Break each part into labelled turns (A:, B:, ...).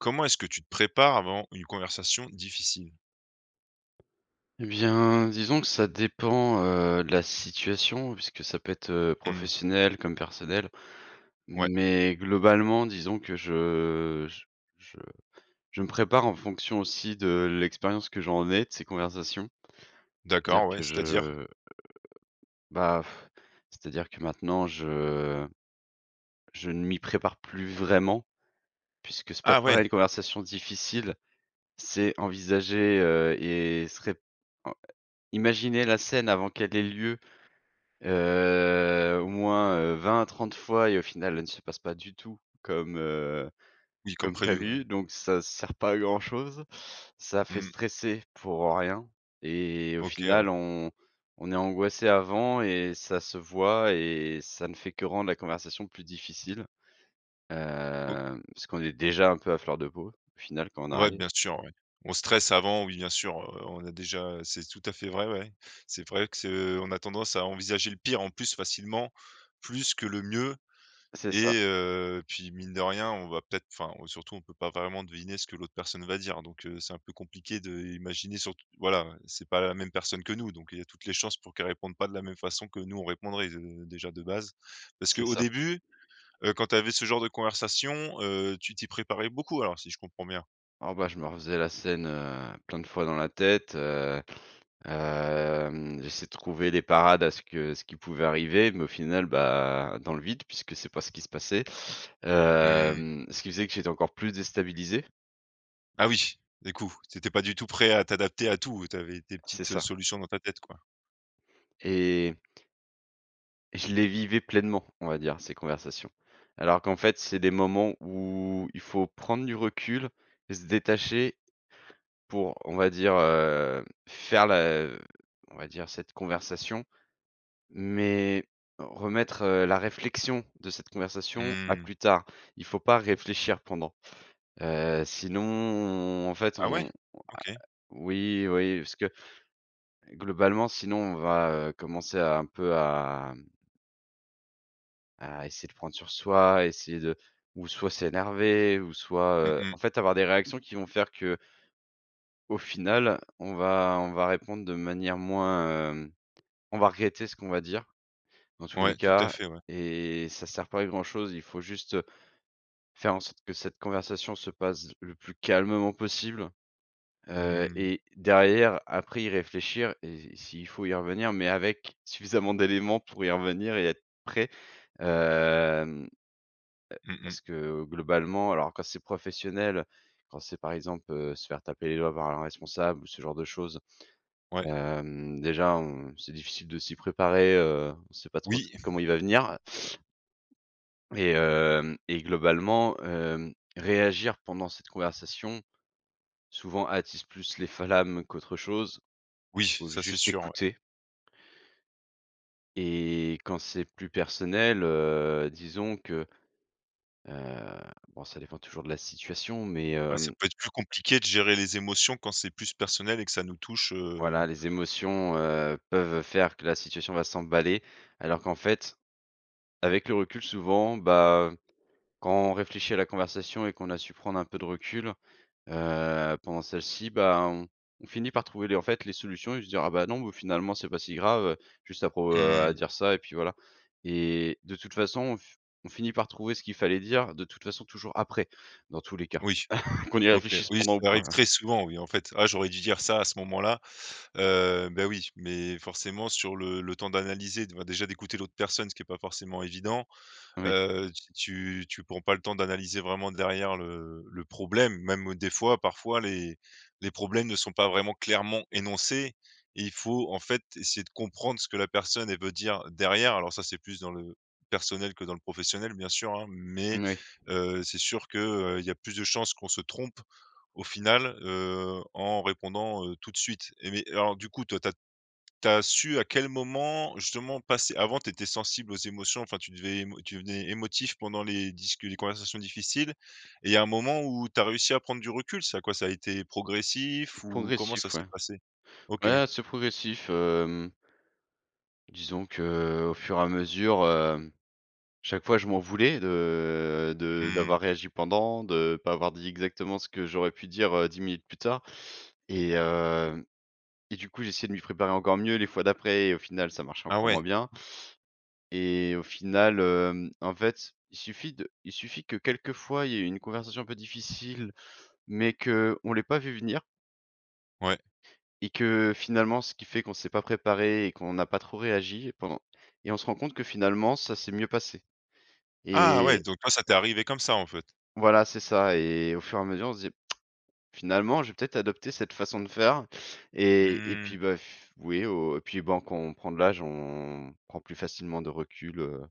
A: Comment est-ce que tu te prépares avant une conversation difficile?
B: Et bien, disons que ça dépend, heu, de la situation puisque ça peut être, heu,
A: Mmh.
B: professionnel, comme personnel.
A: Ouais.
B: Mais, globalement disons que je j je je me prépare en fonction aussi de l'expérience que j'en ai, de ces conversations. C'est-à-dire
A: D'accord,
B: que
A: ouais,
B: je,
A: c'est-à-dire?
B: heu, bah, c'est-à-dire que maintenant je je ne m'y prépare plus vraiment. Puisque se
A: Ah
B: préparer à
A: ouais.
B: des conversations difficiles, c'est envisager, heu et se ré heu, imaginer la scène avant qu'elle ait lieu, heu, au moins, heu, 20 à 30 fois et au final, elle ne se passe pas du tout, comme, heu,
A: Oui comme
B: comme
A: prévu, ouais.
B: prévue. Donc ça sert pas à grand-chose, ça fait
A: Mmh.
B: stresser pour, heu, rien et au
A: OK, ouais.
B: final, on on est angoissé avant et ça se voit et ça ne fait que rendre la conversation plus difficile,
A: O
B: heu, parce qu'on est déjà un peu à fleur de peau au final quand on
A: Ouais
B: arrive.
A: bien sûr ouais. On stresse avant, oui bien sûr, heu, on a déjà, heu c'est tout à fait vrai, ouais. C'est vrai que ce on a tendance à envisager le pire en plus facilement, plus que le mieux
B: C'est ça.
A: et heu, puis mine de rien on va peut-être, enfin on surtout on peut pas vraiment deviner ce que l'autre personne va dire. Donc, heu, c'est un peu compliqué d'imaginer surtout voilà, ouais, c'est pas la même personne que nous donc il y a toutes les chances pour qu'elle réponde pas de la même façon que nous on répondrait, de déjà de base. Parce
B: C'est
A: qu'au
B: ça.
A: début, heu, quand tu avais ce genre de conversation, heu, tu t'y préparais beaucoup alors si je comprends bien?
B: Oh ben, je me refaisais la scène, heu, plein de fois dans la tête, heu. Hem, j'essayais de trouver des parades à ce que ce qui pouvait arriver, mais au final ben, dans le vide puisque c'est pas ce qui se passait.
A: Mmh.
B: Hem, ce qui faisait que j'étais encore plus déstabilisé.
A: Ah oui du coup, tu étais pas du tout prêt à t'adapter à tout, heu, tu avais tes
B: C'est
A: petites, heu,
B: ça.
A: solutions dans ta tête, quoi.
B: Et je les vivais pleinement, on va dire ces conversations. Alors qu'en fait c'est des moments où il faut prendre du recul et se détacher, pour, on va dire, heu, faire la on va dire cette conversation, mais remettre, heu, la réflexion de cette conversation à
A: Mmh.
B: plus tard. Il faut pas réfléchir pendant, heu, sinon, on en fait,
A: Ah ouais?
B: on a a
A: OK.
B: oui, oui, parce que, globalement sinon on va, heu, commencer un peu à mmh à essayer de prendre sur soi, essayer de ou soit s'énerver ou soit,
A: Mmh
B: heu, en
A: mh.
B: fait avoir des réactions qui vont faire que au final on va on va répondre de manière moins, hem on va regretter ce qu'on va dire, dans tous les
A: Ouais tout à
B: cas
A: fait, ouais.
B: et ça sert pas à grand chose. Il faut juste, heu, faire en sorte que cette conversation se passe le plus calmement possible, heu
A: Mmh.
B: et derrière après y réfléchir et si il faut y revenir, mais avec suffisamment d'éléments pour y revenir et être prêt. Hem, heu,
A: Mmh mh.
B: parce que globalement, alors quand c'est professionnel, quand c'est par exemple, heu, se faire taper les doigts par un responsable ou ce genre de choses,
A: Ouais.
B: hem, déjà on c'est difficile de s'y préparer, heu, on sait pas trop s
A: Oui.
B: comment il va venir et hem et globalement, hem, réagir pendant cette conversation, souvent attise plus les flammes qu'autre chose,
A: Oui,
B: faut
A: ça c'est
B: juste
A: sûr, ouais.
B: écouter et quand c'est plus personnel, heu, disons que, heu, bon ça dépend toujours de la situation, mais
A: Bah, ça
B: hem
A: peut être plus compliqué de gérer les émotions quand c'est plus personnel et que ça nous touche,
B: Voilà
A: heu
B: les émotions, heu, peuvent faire que la situation va s'emballer alors qu'en fait, avec le recul souvent, bah, quand on réfléchit à la conversation et qu'on a su prendre un peu de recul, heu, pendant celle-ci, bah, on on finit par trouver les en fait les solutions et se dire: «Ah bah non, oh finalement c'est pas si grave», juste à pour, heu,
A: Mmh
B: à
A: mh.
B: dire ça et puis voilà. Et de toute façon, on f on finit par trouver ce qu'il fallait dire de toute façon toujours après, dans tous les cas.
A: Oui.
B: Qu'on y
A: OK.
B: réfléchisse
A: Oui,
B: pendant ou
A: ça
B: pas,
A: arrive
B: ouais.
A: très souvent, oui en fait: «Ah j'aurais dû dire ça à ce moment-là», heu, bah, oui, mais forcément sur le le temps d'analyser, d bah, déjà d'écouter l'autre personne, ce qui est pas forcément évident,
B: Oui.
A: heu, tu tu tu prends pas le temps d'analyser vraiment derrière le le problème. Même au des fois, parfois les les problèmes ne sont pas vraiment clairement énoncés et il faut en fait essayer de comprendre ce que la personne elle veut dire derrière. Alors ça c'est plus dans le personnel que dans le professionnel bien sûr hein, mais,
B: Oui.
A: heu, c'est sûr que, heu, il y a plus de chances qu'on se trompe au final, heu, en répondant, heu, tout de suite et mais et alors du coup, toi tu as tu as su à quel moment justement passer avant tu étais sensible aux émotions, enfin tu devais émo tu devenais émotif pendant les discu les conversations difficiles et il y a un moment où tu as réussi à prendre du recul? Ça quoi? Ça a été progressif ou comment ça
B: Progressif
A: s'est
B: ouais.
A: passé? OK.
B: Ouais là c'est progressif, hem disons que, au fur à mesure, hem, chaque fois je m'en voulais de de
A: Mmh.
B: d'avoir réagi pendant, de pas avoir dit exactement ce que j'aurais pu dire, heu, 10 minutes plus tard et heu et du coup, j'essayais de m'y préparer encore mieux les fois d'après et au final ça marchait
A: Ah
B: encore moins
A: ouais.
B: bien et au final, hem, en fait, il suffit de il suffit que quelquefois il y ait une conversation un peu difficile, mais qu'on ne l'ait pas vue venir
A: Ouais.
B: et que finalement, ce qui fait qu'on s'est pas préparé et qu'on n'a pas trop réagi pendant et on se rend compte que finalement ça s'est mieux passé
A: Ah ouais!
B: et
A: Donc toi, ça t'est arrivé comme ça, en fait.
B: Voilà c'est ça et au fur et à mesure on se disait: «Finalement je vais peut-être adopter cette façon de faire» et et
A: Mmh.
B: puis, bah f oui au et puis, ben, quand on prend de l'âge, on prend plus facilement de recul, heu,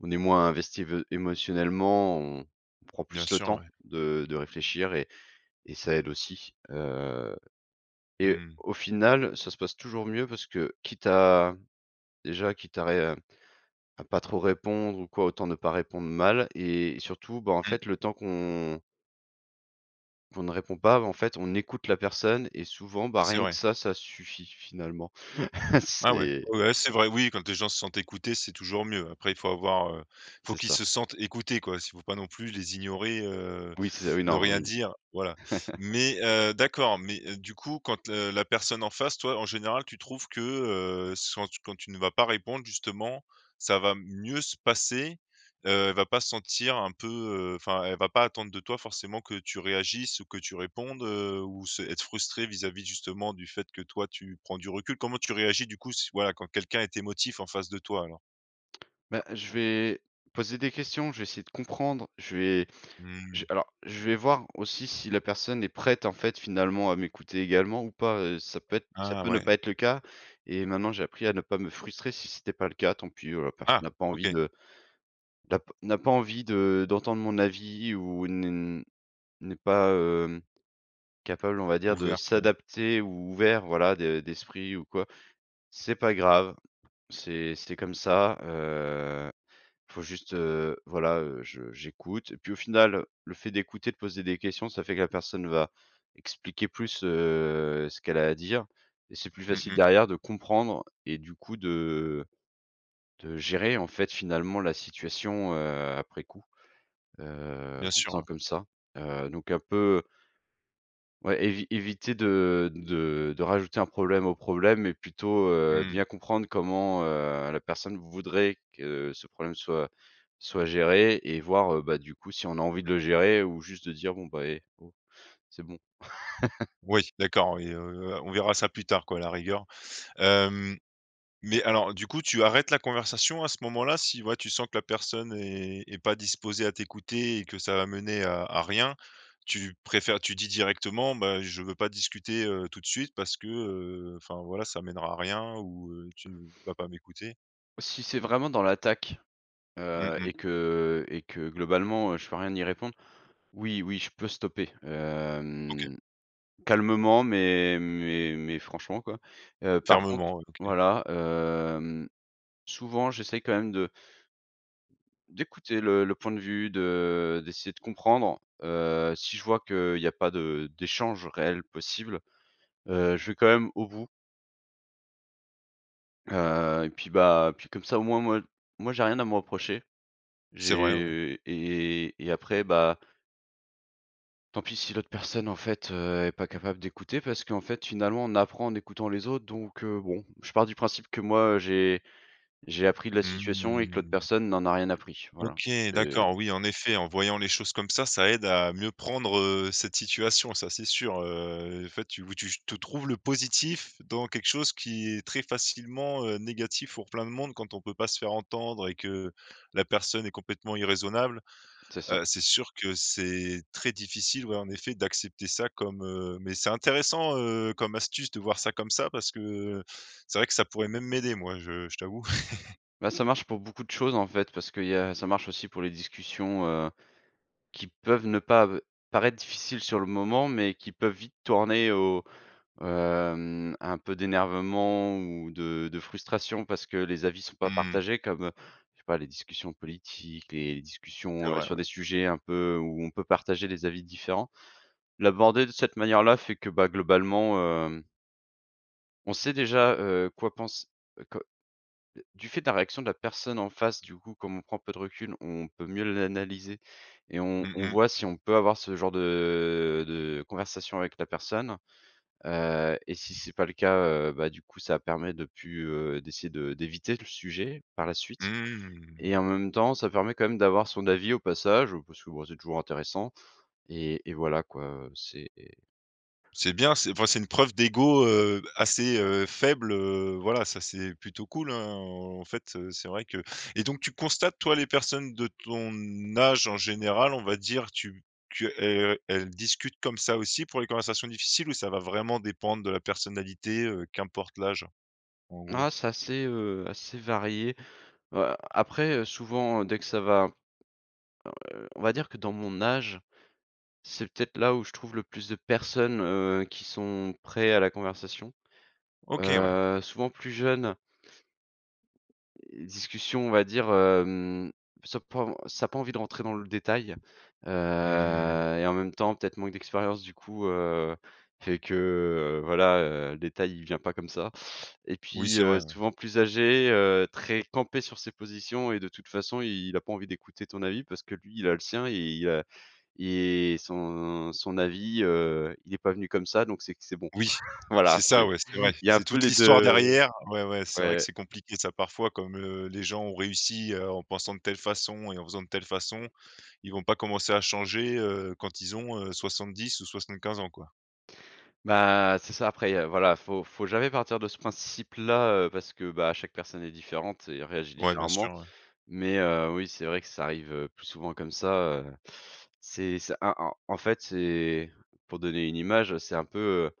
B: on est moins investi vé émotionnellement, on on prend
A: Bien
B: plus le
A: sùr,
B: temps
A: ouais.
B: de de réfléchir et et ça aide aussi, heu et
A: Mmh.
B: au final, ça se passe toujours mieux parce que, quitte à déjà quitte à ré à pas trop répondre ou quoi autant ne pas répondre mal et surtout, ben, en
A: Mmh.
B: fait le temps qu'on qu'on ne répond pas, bah, en fait on écoute la personne et souvent, ben,
A: C'est
B: rien que
A: vrai.
B: ça ça suffit finalement.
A: Ah ouais.
B: C'est
A: Ouais ouais, c'est vrai, oui quand les gens se sentent écoutés c'est toujours mieux. Après faut avoir, heu, faut
B: C'est
A: qu'ils
B: ça.
A: se sentent écoutés quoi si faut pas non plus les ignorer, heu,
B: Oui c'est ça, oui
A: ne
B: non
A: rien
B: oui.
A: dire voilà. Mais, heu, d'accord, mais, heu, du coup quand, heu, la personne en face toi en général tu trouves que, heu, soit, quand tu ne vas pas répondre justement, ça va mieux se passer, heu, elle va pas se sentir un peu, heu enfin elle va pas attendre de toi que tu réagisses ou que tu répondes, heu, ou se être frustrée vis-à-vis justement du fait que toi tu prends du recul? Comment tu réagis du coup si voilà quand quelqu'un est émotif en face de toi alors?
B: Bah, je vais poser des questions, je vais essayer de comprendre, je vais je
A: Mmh.
B: v alors, je vais voir aussi si la personne est prête en fait finalement à m'écouter également ou pas. Heu, ça peut être ça
A: Ah,
B: peut ne
A: ouais.
B: pas être le cas et maintenant j'ai appris à ne pas me frustrer si c'était pas le cas. Tant pis, heu, la personne
A: Ah!
B: n'a pas envie
A: OK.
B: de n'a p n'a pas envie de d'entendre mon avis ou ne n'est pas hem, capable on va dire de
A: Ouverte ouais.
B: s'adapter ou ouvert voilà de d'esprit ou quoi. C'est pas grave, c'est c'est comme ça, heu, faut juste, heu, voilà, heu, je j'écoute et puis au final, heu, le fait d'écouter, de poser des questions, ça fait que la personne va expliquer plus, heu, ce qu'elle a à dire et c'est plus
A: Mmh
B: facile
A: mh.
B: derrière de comprendre et du coup de de gérer en fait finalement la situation, heu, après coup. Heu,
A: Bien
B: en
A: sûr,
B: faisant
A: ouais.
B: comme ça, heu, donc un peu Ouais, évi éviter de de de rajouter un problème au problème, mais plutôt, heu,
A: Mmh.
B: bien comprendre comment, heu, la personne voudrait que ce problème soit soit géré et voir, heu, bah, du coup si on a envie de le gérer ou juste de dire: «Bon, bah, eh oh, c'est bon».
A: Ouais d'accord et heu, heu, on verra ça plus tard quoi à la rigueur. Hem, mais alors du coup, tu arrêtes la conversation à ce moment-là? Si, ouais tu sens que la personne est est pas disposée à t'écouter et que ça va mener à à rien? Tu préfères tu dis directement: «Ben, je veux pas discuter, heu, tout de suite parce que, heu, enfin voilà ça mènera à rien ou, heu, tu vas pas m'écouter»?
B: Si c'est vraiment dans l'attaque,
A: Mmh
B: heu et
A: mh.
B: que et que globalement, heu, je peux rien y répondre, oui, oui je peux stopper,
A: OK.
B: hem. Calmement mais mais mais franchement quoi. Heu, par contre
A: Fermement, heu, OK.
B: voilà, hem, souvent j'essaie quand même de d'écouter le le point de vue, de d'essayer de comprendre, heu, si je vois qu'il y a pas de d'échanges réels possibles, heu, je vais quand même au bout. Heu, et puis bah, puis comme ça, au moins moi moi j'ai rien à me reprocher,
A: C'est vrai, ouais.
B: j'ai et et après bah tant pis si l'autre personne en fait, heu, est pas capable d'écouter parce qu'en fait finalement on apprend en écoutant les autres donc, heu, bon, je pars du principe que moi, heu, j'ai j'ai appris de la
A: Mmh mh.
B: situation et que l'autre
A: Mmh mh.
B: personne n'en a rien appris. Voilà,
A: OK
B: heu
A: d'accord. Oui, en effet, en voyant les choses comme ça, ça aide à mieux prendre, heu, cette situation, ça c'est sûr, heu, enfin tu ou tu j te trouves le positif dans quelque chose qui est très facilement, heu, négatif pour plein de monde quand on peut pas se faire entendre et que la personne est complètement irraisonnable,
B: C'est ça.
A: heu, c'est sûr que c'est très difficile, ouais en effet d'accepter ça comme, heu, mais c'est intéressant, heu, comme astuce de voir ça, comme ça parce que c'est vrai que ça pourrait même m'aider moi je je t'avoue.
B: Bah ça marche pour beaucoup de choses en fait parce qu'il y a ça marche aussi pour les discussions, heu, qui peuvent ne pas, heu, paraître difficiles sur le moment, mais qui peuvent vite tourner au, hem un peu d'énervement ou de de frustration parce que les avis sont pas
A: Mmh.
B: partagés comme, heu, je sais pas les discussions politiques, les
A: C'est
B: discussions, heu,
A: vrai,
B: sur
A: ouais.
B: des sujets un peu où on peut partager des avis différents. L'aborder de cette manière-là fait que, bah globalement, hem on sait déjà, heu, quoi pense heu, que, heu, du fait de la réaction de la personne en face du coup comme on prend peu de recul, on peut mieux l'analyser et on
A: Mmh
B: on
A: mh.
B: voit si on peut avoir ce genre de de conversation avec la personne, heu, et si c'est pas le cas, heu, bah du coup ça permet de plus, heu, d'essayer de d'éviter le sujet par la suite,
A: Mmh.
B: et en même temps ça permet quand même d'avoir son avis au passage parce que, bah, c'est toujours intéressant et et voilà quoi, heu, c'est
A: C'est bien, c'est enfin, c'est une preuve d'ego, heu, assez, heu, faible, heu, voilà ça, c'est plutôt cool hein en fait, heu, c'est vrai que et donc tu constates toi les personnes de ton âge en général on va dire tu tu, heu, heu, elles discutent comme ça aussi pour les conversations difficiles ou ça va vraiment dépendre de la personnalité, heu, qu'importe l'âge en gros?
B: Ah, c'est assez, heu, assez varié. Heu, après, heu, souvent dès que ça va, heu, on va dire que dans mon âge, c'est peut-être là où je trouve le plus de personnes, heu, qui sont prêts à la conversation,
A: OK ouais.
B: heu, souvent plus jeune discussions, on va dire, hem, ça pas, heu, ça a pas envie de rentrer dans le détail, heu,
A: Mmh.
B: et en même temps peut-être manque d'expérience du coup, heu, fait que, heu, voilà, heu, le détail il vient pas comme ça, et
A: Oui,
B: puis,
A: c'est vrai,
B: heu,
A: ouais.
B: souvent plus âgé, heu, très campé sur ses positions et de toute façon, il a pas envie d'écouter ton avis parce que lui il a le sien, et il a et son son avis, heu, il est pas venu comme ça donc c'est que c'est bon.
A: Oui,
B: Voilà,
A: c'est ça,
B: c'est,
A: ouais, c'est
B: il
A: vrai,
B: y a un
A: c'est
B: peu
A: toute
B: les
A: l'histoire
B: 2, heu,
A: derrière ouais, ouais, c'est vrai que
B: ouais.
A: c'est compliqué ça parfois comme, heu, les gens ont réussi, heu, en pensant de telle façon et en faisant de telle façon, ils vont pas commencer à changer, heu, quand ils ont, heu, 70 ou 75 ans quoi.
B: Bah, c'est ça, après, il y a voilà il faut faut jamais partir de ce principe-là, heu, parce que bah chaque personne est différente et réagit
A: Ouais, bien
B: différemment,
A: sûr, ouais.
B: mais heu, oui, c'est vrai que ça arrive, heu, plus souvent comme ça, heu. C'est c'est a en en fait, c'est, pour donner une image, c'est un peu, heu,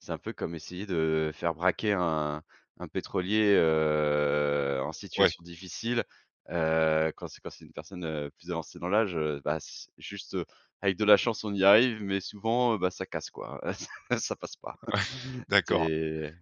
B: c'est un peu comme essayer de faire braquer un un pétrolier, heu, en
A: Ouais.
B: situation difficile, heu, quand c'est quand c'est une personne, heu, plus avancée dans l'âge, heu, bah c juste avec de la chance on y arrive, mais souvent, heu, bah ça casse quoi hein, heu, ça passe pas.
A: Ouais, d'accord.
B: C'est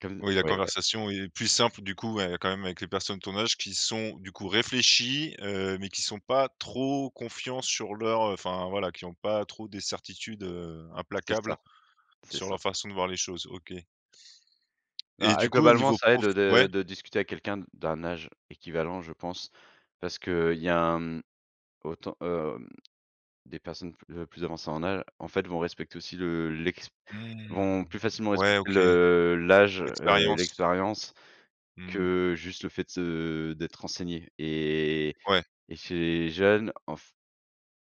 B: comme
A: Ouais, la
B: oui, ouais
A: conversation est plus simple du coup, ouais quand même avec les personnes de ton âge qui sont du coup réfléchies, heu, mais qui sont pas trop confiants sur leur, heu, enfin voilà qui ont pas trop des certitudes, heu,
B: C'est
A: implacables
B: ça, c'est
A: sur leur
B: ça.
A: façon de voir les choses, OK. Et
B: Bah et
A: du coup au
B: globalement
A: niveau
B: ça aide
A: prof? Ouais
B: de de discuter avec quelqu'un d'un âge équivalent je pense, parce qu'il y a un, mmh autant, hem, des personnes pl heu, plus avancées en âge en fait vont respecter aussi le l'ex
A: Mmh!
B: vont plus facilement
A: Ouais,
B: respecter
A: OK.
B: le l'âge, heu, et
A: Expériences.
B: l'expérience
A: Mmh.
B: que juste le fait de se d'être renseigné et
A: Ouais.
B: et ces jeunes en f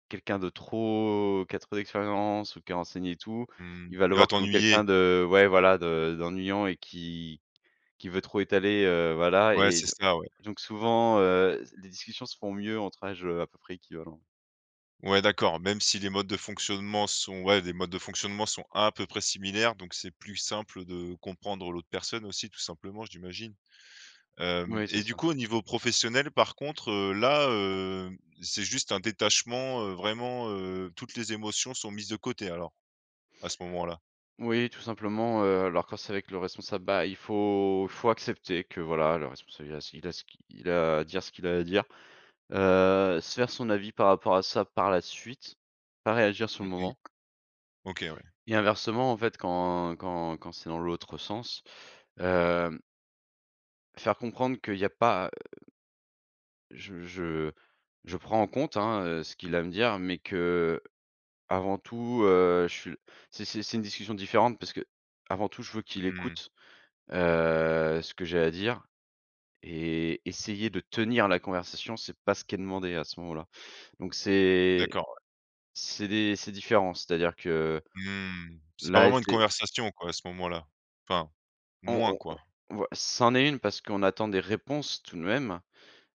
B: quelqu'un de trop, qui a trop d'expérience ou qui est renseigné et tout,
A: Mmh,
B: il va le
A: tu vas
B: voir comme
A: t'ennuyer.
B: quelqu'un de ouais voilà de d'ennuyant et qui qui veut trop étaler, heu, voilà,
A: Ouais,
B: et
A: c'est
B: don
A: ça, ouais.
B: donc souvent, heu, s les discussions se font mieux entre âges, heu, à peu près équivalents.
A: Ouais, d'accord même si les modes de fonctionnement sont ouais des modes de fonctionnement sont à peu près similaires donc c'est plus simple de comprendre l'autre personne aussi tout simplement, j'imagine. Hem,
B: Moui, c'est
A: et du
B: ça.
A: coup au niveau professionnel par contre, heu, là, heu, c'est juste un détachement, heu, vraiment, heu, toutes les émotions sont mises de côté alors, à ce moment-là?
B: Oui tout simplement, heu, alors quand c'est avec le responsable, bah il faut faut accepter que voilà le responsable, il a ce q il a ce qu'i il a à dire ce qu'il a à dire, heu, se faire son avis par rapport à ça par la suite, pas réagir sur
A: Mmh
B: le
A: mh.
B: moment.
A: OK, ouais.
B: Et inversement en fait quand quand quand c'est dans l'autre sens, hem faire comprendre qu'il y a pas, heu je je je prends en compte hein, heu, ce qu'il a à me dire, mais qu'avant tout, heu, je suis, c'est c'est c'est une discussion différente parce qu'avant tout je veux qu'il
A: Mmh.
B: écoute, heu, ce que j'ai à dire et essayer de tenir la conversation, c'est pas ce qui est demandé à ce moment-là, donc c'est
A: D'accord, ouais.
B: c'est des c'est différent, c'est-à-dire que,
A: Mmh, c'est pas
B: là
A: vraiment une
B: c'est c
A: conversation quoi à ce moment-là, enfin,
B: On
A: moins
B: on
A: quoi.
B: on ou, heu, c'en est une parce qu'on attend des réponses tout de même,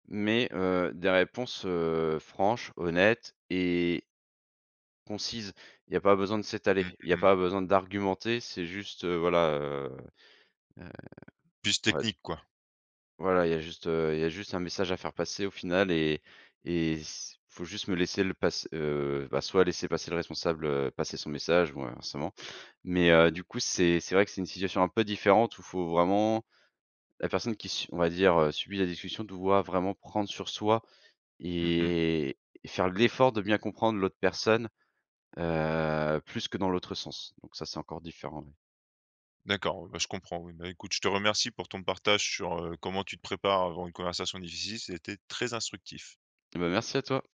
B: mais heu, des réponses, heu, franches, honnêtes et concises, il y a pas besoin de
A: Mmh,
B: s'étaler, il y a
A: mmh mh.
B: pas besoin d'argumenter, c'est juste, heu, voilà, heu, heu,
A: Plus
B: ouais
A: technique quoi.
B: voilà, il y a juste, heu, il y a juste un message à faire passer au final et et s il faut juste me laisser le passe heu, bah soit laisser passer le responsable, heu, passer son message bon, heu, inversement, mais heu, du coup c'est c'est vrai que c'est une situation un peu différente où il faut vraiment la personne qui s on va dire, heu, subit la discussion doit vraiment prendre sur soi
A: Mmh mh.
B: et et faire de l'effort de bien comprendre l'autre personne, heu, plus que dans l'autre sens, donc ça c'est encore différent oui.
A: D'accord, bah, je comprends, oui. Bah, écoute je te remercie pour ton partage sur, heu, comment tu te prépares avant une conversation difficile, c'était très instructif.
B: Eh bah, merci à toi!